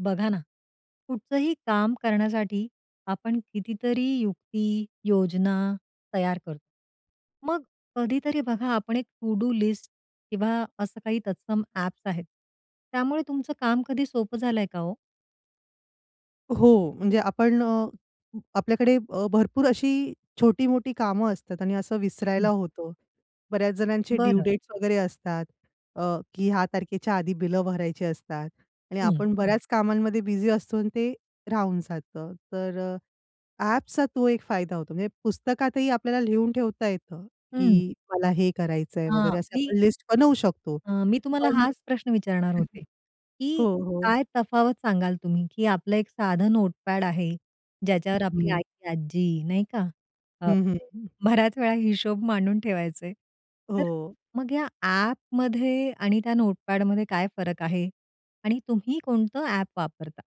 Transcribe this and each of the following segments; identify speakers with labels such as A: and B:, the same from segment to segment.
A: बघा ना. कुठलंही काम करण्यासाठी आपण कितीतरी युक्ती, योजना तयार करतो. मग कधीतरी बघा आपण एक टू डू लिस्ट किंवा असं काही तत्सम ॲप्स आहेत. त्यामुळे तुमचं काम कधी सोपं झालंय का ओ?
B: हो. म्हणजे आपण अ, आपल्याकडे अ, भरपूर अशी छोटी-मोठी कामं असतात आणि असं विसरायला
A: हं.
B: होतं. बऱ्याच जणांचे ड्यू
A: बरं.
B: डेट्स वगैरे असतात अ, की ह्या तारखेच्या आधी बिलं भरायची असतात. आणि
A: हं.
B: आपण बऱ्याच कामांमध्ये बिझी असतो आणि ते राहून जातं. तर अ, ॲपचा तो एक फायदा होतो. म्हणजे पुस्तकातही आपल्याला लिहून ठेवता येतं,
A: हं.
B: की मला हे करायचंय वगैरे
A: आ,
B: असे
A: मी
B: आपण लिस्ट बनवू शकतो.
A: अ, मी तुम्हाला
B: पण
A: हाच प्रश्न विचारणार होते, की
B: हो, हो.
A: काय तफावत सांगाल तुम्ही, की आपलं एक साधं नोटपॅड आहे. ज्याच्यावर आपली
B: हं.
A: आई, आजी नाही का? अ,
B: हं, हं.
A: बऱ्याच वेळा हिशोब मांडून ठेवायचे. तर
B: हो.
A: मग या ॲपमध्ये आणि त्या नोटपॅडमध्ये काय फरक आहे? आणि तुम्ही कोणतं ॲप वापरता?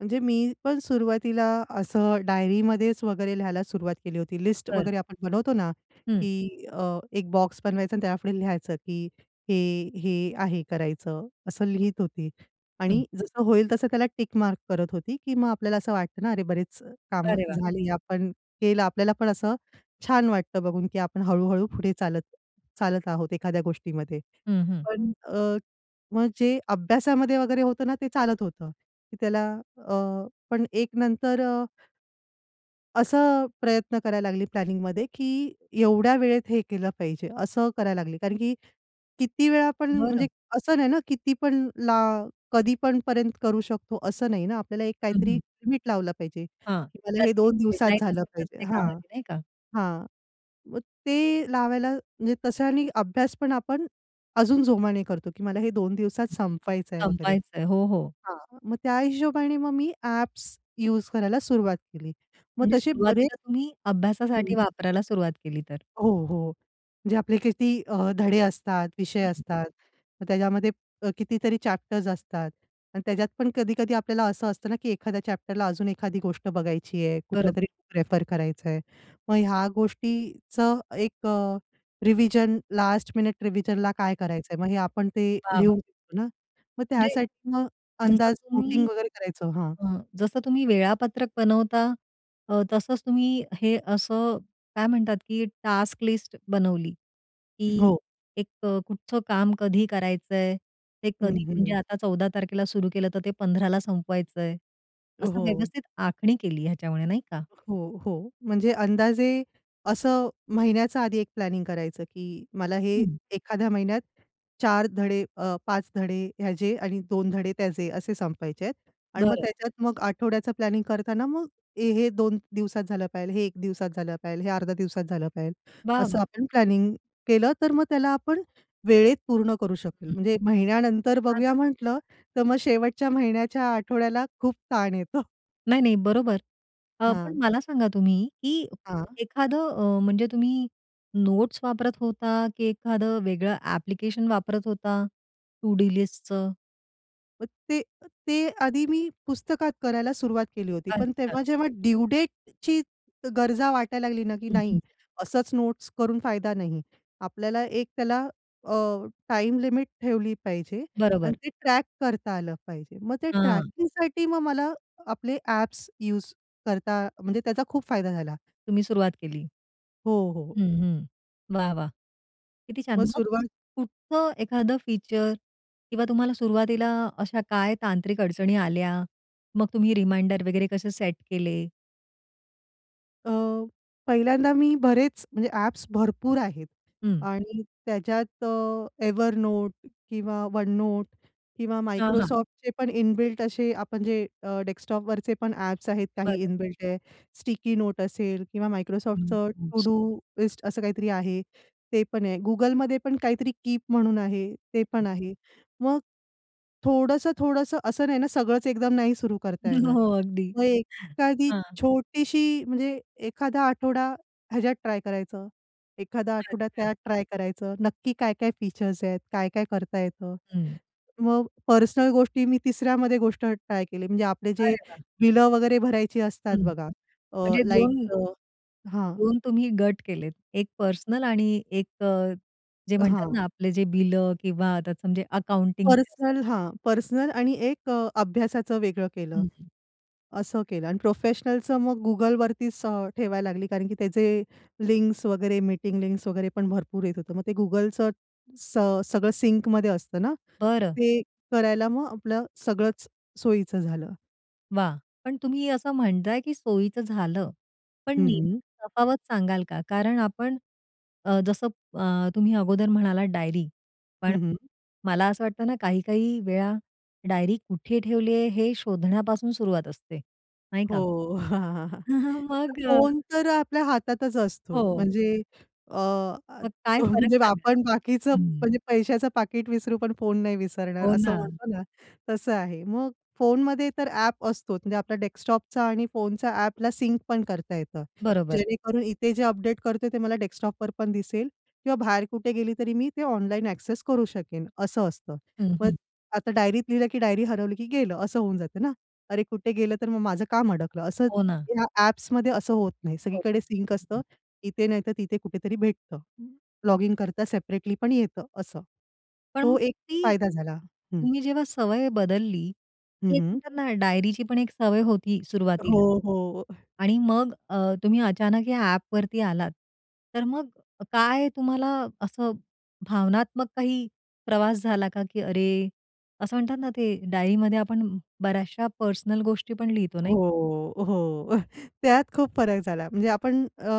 B: म्हणजे मी पण सुरुवातीला असं डायरीमध्येच वगैरे लिहायला सुरुवात केली होती, लिस्ट
A: बरं.
B: वगैरे आपण बनवतो ना,
A: हं.
B: की अ, एक बॉक्स बनवायचा आणि त्यापुढे लिहायचं, की हे, हे आहे करायचं असं लिहीत होती आणि
A: हं.
B: जसं होईल तसं त्याला टिक मार्क करत होती, की मग आपल्याला असं वाटतं ना अरे, बरेच अ, कामं
A: अरे वाह!
B: झाली, आपण केलं. आपल्याला पण असं छान वाटतं बघून, की आपण हळू-हळू पुढे चालत चालत आहोत एखाद्या गोष्टीमध्ये.
A: हं, हं.
B: पण अ, मग जे अभ्यासामध्ये वगैरे होतं ना ते चालत होतं, की त्याला अ, पण एक नंतर अ असं अ, प्रयत्न करायला लागले प्लॅनिंगमध्ये, की एवढ्या वेळेत हे केलं पाहिजे असं करायला लागले. कारण, की किती वेळा पण म्हणजे
A: बरं.
B: असं नाही ना किती पण ला कधीपण पर्यंत करू शकतो असं नाही ना आपल्याला एक
A: हं,
B: काहीतरी
A: हं.
B: लिमिट लावलं पाहिजे,
A: हां.
B: की मला हे
A: त्याची एक
B: 2 दिवसात
A: डेडलाईन
B: झालं
A: असते
B: पाहिजे.
A: प्रत्येक
B: हां,
A: कामाची नाही का?
B: हां, मग ते लावायला म्हणजे तशानी अभ्यासपण आपण अजून जोमाने करतो, की मला हे 2 दिवसात संपवायचं आहे वगैरे.
A: संपवायचं आहे. हो, हो.
B: हां, मग त्या हिशोबाने मग मी ॲप्स यूज करायला सुरुवात केली. मग
A: म्हणजे
B: तसे बरे
A: सुरुवातीला तुम्ही
B: हं.
A: अभ्यासासाठी वापरायला सुरुवात केली तर?
B: हो, हो. म्हणजे आपले किती अ, धडे असतात, विषय
A: हं.
B: असतात, मग त्याच्यामध्ये अ, कितीतरी चॅप्टर्स असतात आणि त्याच्यात पण कधी-कधी आपल्याला असं असतं ना, की एखाद्या चॅप्टरला अजून एखादी गोष्ट बघायची आहे, कुठलं
A: बरोब
B: तरी प्रेफर करायचं आहे. मग ह्या गोष्टीचं एक अ, रिव्हिजन लास्ट मिनिट रिव्हिजनला काय करायचं आहे? मग हे आपण ते
A: वाह!
B: लिहून
A: वाह!
B: देतो ना, मग
A: म्हणजे
B: त्यासाठी मग
A: जसं
B: अंदाज
A: तुम्ही,
B: वोटिंग वगैरे करायचो, हां.
A: अ, जसं तुम्ही वेळापत्रक बनवता. अ, तसंच तुम्ही हे असं काय म्हणतात, की टास्क लिस्ट बनवली, की
B: हो.
A: एक अ, कुठचं काम कधी करायचं आहे? ते
B: हं,
A: कधी म्हणजे
B: हं.
A: आता 14 तारखेला सुरु केलं, तर ते 15 ला संपवायचं आहे.
B: अ,
A: असं
B: हो.
A: व्यवस्थित आखणी केली ह्याच्यामुळे नाही का.
B: हो, हो. म्हणजे अंदाजे असं महिन्याचं आधी एक प्लॅनिंग करायचं, की मला हे
A: हं.
B: एखाद्या महिन्यात 4 धडे अ, 5 धडे ह्याचे आणि 2 धडे त्याचे असे संपायचे आहेत आणि मग
A: बरं.
B: त्याच्यात मग आठवड्याचा प्लॅनिंग करताना मग ए, हे 2 दिवसात झालं पाहिजेल, हे एक दिवसात झालं पाहिजेल, हे 0.5 दिवसात झालं पाहिजेल,
A: वाह!
B: असं
A: वाह!
B: आपण प्लॅनिंग केलं तर मग त्याला आपण वेळेत पूर्ण करू शकेल.
A: हं.
B: म्हणजे महिन्यानंतर बघूया
A: छानच.
B: म्हटलं, तर मग शेवटच्या महिन्याच्या आठवड्याला खूप ताण येतो.
A: नाही, नाही, बरोबर. अ, पण
B: हां.
A: मला सांगा तुम्ही की
B: हां.
A: एखादं अ, म्हणजे तुम्ही नोट्स वापरत होता, की एखाद वेगळं ॲप्लिकेशन वापरत होता? टू डू लिस्टचं?
B: मग ते ते आधी मी पुस्तकात करायला सुरुवात केली होती पण
A: अच्छा!
B: तेव्हा जेव्हा ड्यू डेटची गरजा वाटायला लागली ना की
A: हं,
B: नाही
A: हं.
B: असंच नोट्स करून फायदा नाही. आपल्याला एक त्याला अ, टाईम लिमिट ठेवली पाहिजे. आणि
A: बरोबर.
B: ते ट्रॅक करता आलं पाहिजे. मग ते
A: हां.
B: ट्रॅकिंगसाठी मग मला आपले ॲप्स यूज करता म्हणजे त्याचा खूप फायदा झाला.
A: तुम्ही सुरुवात केली.
B: हो, हो.
A: हं, हं. वाह, वाह, किती छान!
B: मग
A: मग कुठ
B: सुरुवात
A: कुठचं एखादं फीचर किंवा तुम्हाला सुरुवातीला अशा काय तांत्रिक अडचणी आल्या, मग तुम्ही रिमाइंडर वगैरे कसे सेट केले?
B: अ, पहिल्यांदा मी बरेच म्हणजे ॲप्स भरपूर आहेत.
A: हं.
B: आणि त्याच्यात अ, Evernote किंवा OneNote किंवा
A: हां, हां.
B: Microsoftचे पण इन बिल्ट असे आपण जे अ, डेस्कटॉपवरचे पण ॲप्स आहेत काही
A: बरं.
B: इन बिल्ट आहे. Sticky Notes असेल किंवा
A: अकॅडमिक
B: Microsoftचं To
A: टूल्स.
B: Do लिस्ट असं काही तरी आहे. ते पण आहे. Googleमध्ये पण काहीतरी 'Keep' म्हणून आहे ते पण आहे. मग थोडंसं-थोडंसं असं नाही ना सगळंच एकदम नाही सुरू करता
A: हो,
B: येणार.
A: हो. अगदी.
B: मग एखादी
A: हां.
B: छोटीशी म्हणजे एखादा आठवडा ह्याच्यात ट्राय करायचं, एखादा आठवडा
A: अच्छा.
B: त्यात ट्राय करायचं नक्की काय-काय फीचर्स आहेत, काय-काय करता येतं?
A: हं.
B: मग पर्सनल गोष्टी मी तिसऱ्यामध्ये गोष्ट ट्राय केली म्हणजे, आपले जे
A: अरे वाह!
B: बिलं वगैरे भरायची असतात
A: हं.
B: बघा. अ,
A: म्हणजे 2-
B: लाईटचं हां.
A: 2 तुम्ही गट केलेत. 1 पर्सनल आणि 1 अ, जे म्हणतात
B: हां.
A: ना आपले जे बिलं किंवा आता तुमचे अकाउंटिंगचे असतात.
B: पर्सनल हां. पर्सनल आणि एक अ, अभ्यासाचं वेगळं केलं.
A: हं, हं.
B: असं केलं आणि प्रोफेशनलचं मग Googleवरतीच ठेवायला लागली कारण की त्याचे लिंक्स वगैरे, मीटिंग लिंक्स वगैरे पण भरपूर येत होतं. मग ते Googleचं स सगळं सिंकमध्ये असतं ना.
A: बरं.
B: ते करायला मग आपलं सगळंच सोयीचं झालं.
A: वाह! पण तुम्ही असं म्हणताय की सोयीचं झालं. पण
B: हं, हं.
A: नेमकी तफावत सांगाल का? कारण आपण अ, जसं अ, तुम्ही अगोदर म्हणालात डायरी. पण
B: हं, हं.
A: मला असं वाटत ना, काही-काही वेळा डायरी कुठे ठेवली आहे, हे शोधण्यापासून सुरुवात असते, नाही का?
B: हो. तर
A: मग अ
B: फोन तर आपल्या हातातच असतो.
A: हो.
B: म्हणजे अ,
A: मग काय फरक
B: म्हणजे
A: सांगणार?
B: आपण बाकीचं
A: हं.
B: म्हणजे पैशाचं पाकीट विसरू पण फोन नाही विसरणार,
A: हो
B: असं
A: ना.
B: म्हणतो ना, तसं आहे. मग फोनमध्ये तर ॲप असतो, म्हणजे आपला डेस्कटॉपचा आणि फोनचा ॲपला सिंक पण करता येतं.
A: बरोबर.
B: जेणेकरून इथे जे अपडेट करते, ते मला डेस्कटॉप पण दिसेल किंवा बाहेर कुठे गेली तरी मी ते ऑनलाईन ॲक्सेस करू शकेन, असं असतं.
A: हं,
B: मग
A: हं.
B: आता डायरीत लिहिलं, की डायरी हरवली की गेलं. असं होऊन जातं ना? अरे कुठे गेलं, तर मग माझं काम अडकलं, असं
A: हो ना.
B: या ॲप्समध्ये असं होत नाही,
A: हो.
B: सगळीकडे सिंक असतं, इथे नाहीतर तिथे कुठेतरी भेटतं. लॉगिन करता सेपरेटली पण येतं असं.
A: पण
B: तो एक
A: ती
B: फायदा झाला. हं.
A: तुम्ही जेव्हा सवय बदलली,
B: हं,
A: एक
B: हं.
A: म्हणतात ना डायरीची पण एक सवय होती एक
B: हो,
A: सुरुवातीला
B: हो.
A: आणि मग अ, तुम्ही अचानक या ॲपवरती आलात. तर मग काय तुम्हाला असं भावनात्मक काही प्रवास झाला का, की अरे, असं म्हणतात ना, ते डायरीमध्ये आपण बऱ्याचश्या पर्सनल गोष्टी पण लिहितो, नाही का?
B: हो, हो. त्यात खूप फरक झाला. म्हणजे आपण अ,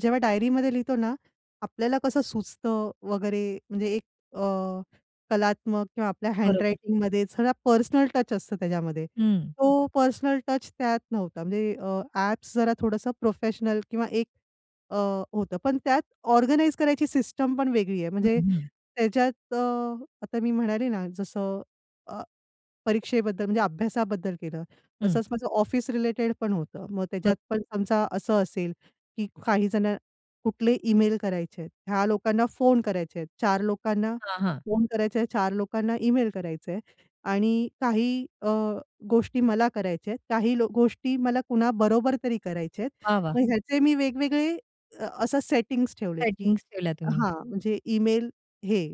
B: जेव्हा डायरीमध्ये लिहितो ना, आपल्याला कसं सुचतं वगैरे, म्हणजे एक अ, कलात्मक किंवा आपल्या
A: बरोबर.
B: हँडरायटिंगमध्ये सगळा पर्सनल टच असतं, त्याच्यामध्ये
A: हं.
B: तो पर्सनल टच त्यात नव्हता. म्हणजे अ, ॲप्स जरा थोडंसं प्रोफेशनल किंवा एक अ, होतं, पण त्यात ऑर्गनाइज करायची सिस्टम पण वेगळी आहे.
A: हं,
B: म्हणजे
A: हं.
B: त्याच्यात अ, आता मी म्हणाले ना, जसं अ, परीक्षेबद्दल, म्हणजे अभ्यासाबद्दल केलं,
A: हं.
B: तसंच माझं ऑफिस रिलेटेड पण होतं. मग
A: ब
B: त्याच्यात पण समजा असं असेल की काही जण, कुठले ईमेल करायचे आहेत, ह्या लोकांना फोन करायचे आहेत, चार लोकांना
A: हां, हां.
B: फोन करायचे आहेत, चार लोकांना ईमेल करायचंय, आणि काही अ, गोष्टी मला करायच्या आहेत, काही गोष्टी मला कुणाबरोबर तरी करायचे आहेत.
A: वाह! वाह!
B: मग ह्याचे मी वेगवेगळे असं सेटिंग्स ठेवले, की
A: सेटिंग्स ठेवल्या तुम्ही.
B: हां. म्हणजे ईमेल हे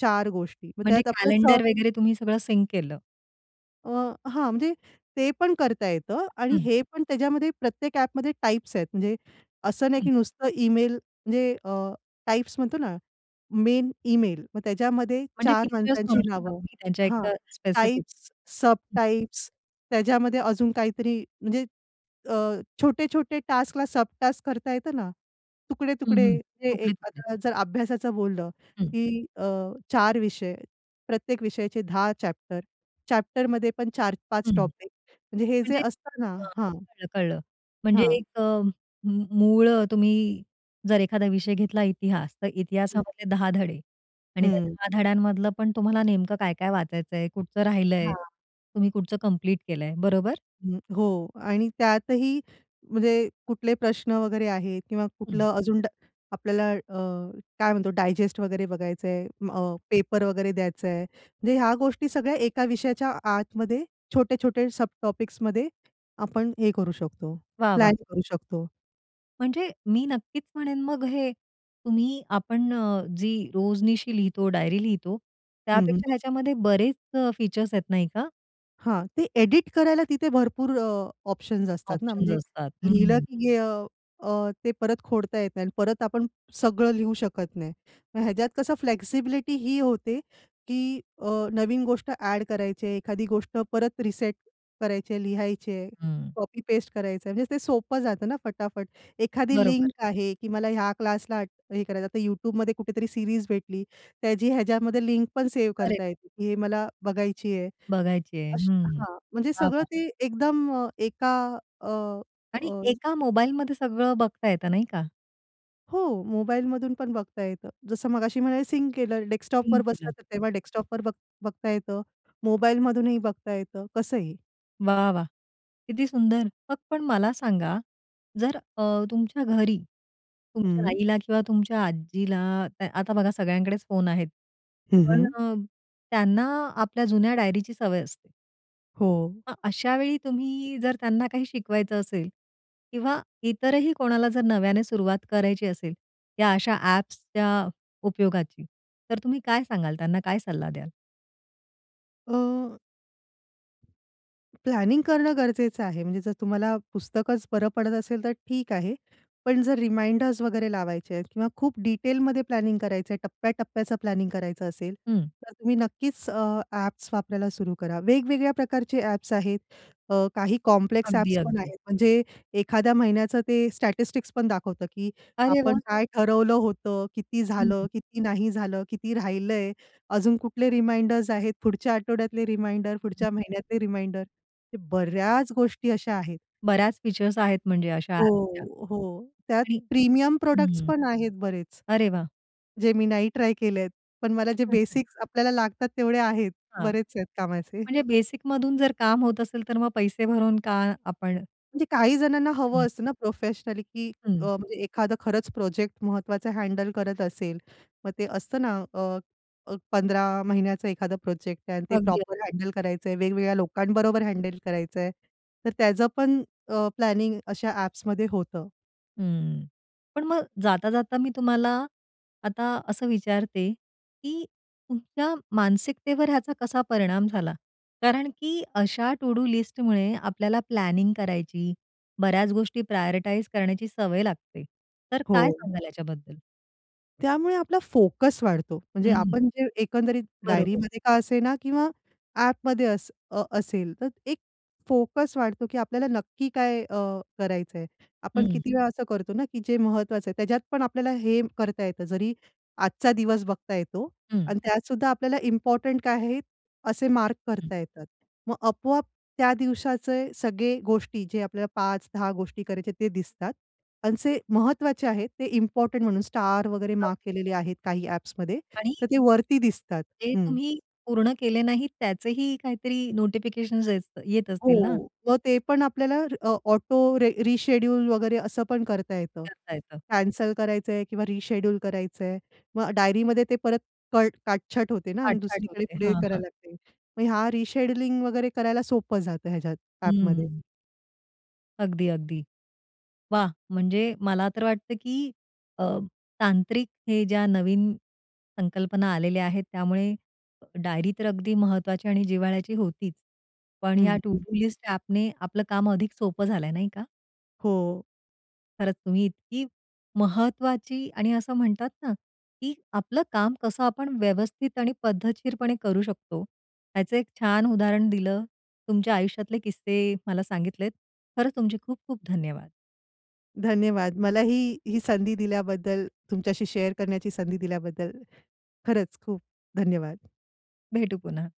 B: चार गोष्टी, मग
A: म्हणजे
B: त्यात आपलं स
A: कॅलेंडर वगैरे तुम्ही सगळं सिंक केलं.
B: अ, हां, म्हणजे ते पण करता येतं आणि
A: हं.
B: हे पण त्याच्यामध्ये प्रत्येक ॲपमध्ये टाईप्स आहेत. म्हणजे असं नाही की
A: हं.
B: नुसतं इमेल म्हणजे अ, टाइप्स म्हणतो ना, मेन इमेल, मग त्याच्यामध्ये
A: म्हणजे
B: चार
A: फीचर्स म्हणू
B: माणसांची
A: शकता
B: नावं
A: तुम्ही त्यांच्या एक
B: हां,
A: अ, स्पेसिफिक.
B: टाइप्स, सब टाइप्स, त्याच्यामध्ये अजून काहीतरी, म्हणजे अ, छोटे-छोटे टास्कला सब टास्क करता येतं ना.
A: हं,
B: तुकडे-तुकडे
A: हं.
B: हे एक
A: तुकडे-तुकडे.
B: आता जर अभ्यासाचं बोललं
A: हं.
B: की अ, 4 विषय, प्रत्येक विषयाचे 10 चॅप्टर, चॅप्टरमध्ये पण 4-5
A: हं.
B: टॉपिक, म्हणजे हे जे
A: म्हणजे.
B: असत ना
A: अ,
B: हां.
A: कळलं, कळलं. म्हणजे
B: हां.
A: एक अ, म मूळ तुम्ही जर एखादा विषय घेतला इतिहास. तर
B: हं.
A: इतिहासामधले 10 धडे आणि त्या
B: हं.
A: 10 धड्यांमधलं पण तुम्हाला नेमकं काय-काय वाचायचंय, कुठचं राहिलंय?
B: हां.
A: तुम्ही कुठचं कंप्लीट केलंय, बरोबर?
B: अ, हो. आणि त्यातही म्हणजे कुठले प्रश्न वगैरे आहेत किंवा
A: हं.
B: कुठलं अजून ड आपल्याला अ, काय म्हणतो डायजेस्ट वगैरे बघायचंय अ, पेपर वगैरे द्यायचंय. म्हणजे ह्या गोष्टी सगळ्या एका विषयाच्या आतमध्ये छोटे-छोटे सब टॉपिक्समध्ये आपण हे करू शकतो,
A: वाह, वाह!
B: प्लॅन करू शकतो.
A: म्हणजे मी नक्कीच म्हणेन मग हे, तुम्ही आपण अ, जी रोजनिशी लिहितो, डायरी लिहितो,
B: हं,
A: त्यापेक्षा
B: हं.
A: ह्याच्यामध्ये बरेच अ, फीचर्स आहेत नाही का?
B: हां, ते एडिट करायला तिथे भरपूर अ, ऑप्शन्स असतात ना
A: ऑप्शन्स
B: म्हणजे
A: असतात.
B: लिहिलं
A: हं.
B: की गे अ, अ, ते परत खोडता येत नाही आणि परत आपण सगळं लिहू शकत नाही. मग ह्याच्यात कसं फ्लेक्सिबिलिटी ही होते, की अ, नवीन गोष्ट ॲड करायचे आहे, एखादी गोष्ट परत रिसेट करायचे आहे, लिहायचे आहे,
A: हं.
B: कॉपी पेस्ट करायचंय. म्हणजे ते सोपं जातं ना फटाफट. एखादी लिंक
A: बरोबर.
B: आहे की मला ह्या क्लासला हे करायचं आता YouTubeमध्ये कुठेतरी सीरीज भेटली. त्याची ह्याच्यामध्ये लिंक पण सेव्ह
A: करेक्ट.
B: करता येते, हे मला बघायची आहे.
A: बघायची आहे.
B: अशी
A: हं.
B: हां, म्हणजे
A: वाह!
B: सगळं
A: वाह!
B: ते एकदम एका अ,
A: आणि
B: अ,
A: एका मोबाईलमध्ये सगळं बघता येतं नाही का?
B: हो. मोबाईलमधून पण बघता येतं. जसं मगाशी म्हणाले सिंक केलं डेस्कटॉपवर
A: सिंक
B: बसलं,
A: केलं.
B: तर
A: हं.
B: तेव्हा डेस्कटॉपवर बघ बघता येतं, मोबाईलमधूनही बघता येतं, कसंही?
A: वाह! वाह! किती सुंदर. मग पण मला सांगा, जर अ, तुमच्या घरी तुमच्या
B: हं.
A: आईला किंवा तुमच्या आजीला, आता बघा सगळ्यांकडेच फोन आहेत,
B: हं,
A: पण
B: हं.
A: अ, त्यांना आपल्या जुन्या डायरीची सवय असते.
B: हो.
A: मग अशावेळी तुम्ही जर त्यांना काही शिकवायचं असेल किंवा इतरही कोणाला जर नव्याने सुरुवात करायची असेल, त्या अशा ॲप्सच्या उपयोगाची, तर तुम्ही काय सांगाल त्यांना? काय सल्ला द्याल?
B: अ प्लॅनिंग करणं गरजेचं आहे. म्हणजे जर तुम्हाला पुस्तकच बरं पडत असेल तर ठीक आहे. पण जर रिमाइंडर्स वगैरे लावायचे आहेत किंवा खूप डिटेलमध्ये प्लॅनिंग करायचंय, टप्प्या-टप्प्याचं प्लॅनिंग करायचं असेल,
A: हं.
B: तर तुम्ही नक्कीच अ, ॲप्स वापरायला सुरु करा. वेगवेगळ्या प्रकारचे ॲप्स आहेत. अ, काही कॉम्प्लेक्स
A: अगदी,
B: ॲप्स पण
A: अगदी.
B: आहेत. म्हणजे एखाद्या महिन्याचं ते स्टॅटिस्टिक्स पण दाखवतं की
A: अरे
B: आपण
A: वाह!
B: काय ठरवलं होत, किती
A: हं,
B: झालं,
A: हं.
B: किती नाही झालं, किती राहिलंय, अजून कुठले रिमाइंडर्स आहेत, पुढच्या आठवड्यातले रिमाइंडर,
A: हं, हं.
B: पुढच्या महिन्यातले रिमाइंडर. हे बऱ्याच गोष्टी अशा आहेत.
A: बऱ्याच फीचर्स आहेत म्हणजे अशा ॲपच्या.
B: हो, हो. त्यात
A: आणि
B: प्रीमियम प्रॉडक्ट्स
A: हं.
B: पण आहेत बरेच,
A: अरे वाह!
B: जे मी नाही ट्राय केलेत. पण मला जे बेसिक्स आपल्याला लागतात तेवढे आहेत.
A: हां,
B: बरेच आहेत कामाचे.
A: म्हणजे बेसिकमधून जर काम होत असेल तर मग पैसे भरून का आपण
B: म्हणजे काही जणांना हवं
A: हं.
B: असतं ना प्रोफेशनली की अ,
A: हं.
B: म्हणजे एखादं खरंच प्रोजेक्ट महत्वाचा हँडल करत असेल. मग ते असतं ना, अ, अ, 15 महिन्याचा एखादा प्रोजेक्ट आहे आणि ते
A: अगदी. अ
B: प्रॉपर हँडल करायचंय, वेगवेगळ्या लोकांबरोबर हँडल करायचंय. तर त्याचं पण अ, प्लॅनिंग अशा ॲप्समध्ये होतं.
A: हं. पण मग जाता-जाता मी तुम्हाला, आता असं विचारते, की तुमच्या मानसिकतेवर ह्याचा कसा परिणाम झाला? कारण की अशा टु डू लिस्टमुळे आपल्याला प्लॅनिंग करायची, बऱ्याच गोष्टी प्रायोरिटाइज करण्याची सवय लागते. तर काय
B: हो.
A: सांगाल याच्याबद्दल?
B: त्यामुळे आपला फोकस वाढतो. म्हणजे
A: हं.
B: आपण जे एकंदरीत
A: बरोबर.
B: डायरीमध्ये का असेना किंवा ॲपमध्ये अस अ, असेल तर एक फोकस वाढतो की आपल्याला नक्की काय अ, करायचंय. आपण
A: हं.
B: किती वेळा असं करतो ना की जे महत्वाचं आहे त्याच्यात पण आपल्याला हे करता येतं जरी, आजचा दिवस बघता येतो.
A: हं.
B: आणि त्यात सुद्धा आपल्याला इम्पोर्टंट काय आहे, असे मार्क
A: हं.
B: करता येतात. मग आपोआप त्या दिवसाचे सगळे गोष्टी जे आपल्याला 5-10 गोष्टी करायचे ते दिसतात. आणि जे महत्वाचे आहेत ते इम्पोर्टंट म्हणून स्टार वगैरे मार्क
A: अगदी.
B: केलेले आहेत काही ॲप्समध्ये,
A: आणि
B: तर ते वरती दिसतात.
A: ते
B: हं.
A: तुम्ही, पूर्ण केले नाही त्याचेही काहीतरी नोटिफिकेशन्स येस्त येत असतील ना?
B: हो. मग ते पण आपल्याला अ, ऑटो रे रिशेड्यूल वगैरे असं पण करता येतं.
A: करता येतं.
B: कॅन्सल करायचंय किंवा रिशेड्यूल करायचं आहे. मग डायरीमध्ये ते परत कट काटछट होते ना आणि
A: छाट-छाट
B: दुसरीकडे
A: होते.
B: पुढे
A: हां,
B: करायला
A: हां.
B: लागते. मग ह्या रिशेड्यूलिंग वगैरे करायला सोपं जातं ह्याच्यात ॲपमध्ये.
A: हम्म. अगदी, अगदी. वाह! म्हणजे मला तर वाटतं, की अ, तांत्रिक हे ज्या नवीन संकल्पना आलेल्या आहेत त्यामुळे, डायरी तर अगदी महत्वाची आणि जिव्हाळ्याची होतीच. पण
B: हं,
A: या टु
B: हं.
A: डू लिस्ट ॲपने आपलं काम अधिक सोपं झालंय नाही का?
B: हो.
A: खरंच तुम्ही इतकी महत्वाची आणि असं म्हणतात ना, की आपलं काम कसं आपण व्यवस्थित आणि पद्धतशीरपणे करू शकतो, ह्याचं एक छान उदाहरण दिलं. तुमच्या आयुष्यातले किस्से मला सांगितलेत. खरंच तुमचे खूप-खूप धन्यवाद.
B: धन्यवाद. मलाही ही संधी दिल्याबद्दल, तुमच्याशी शेअर करण्याची संधी दिल्याबद्दल, खरंच खूप धन्यवाद.
A: भेटू पुन्हा.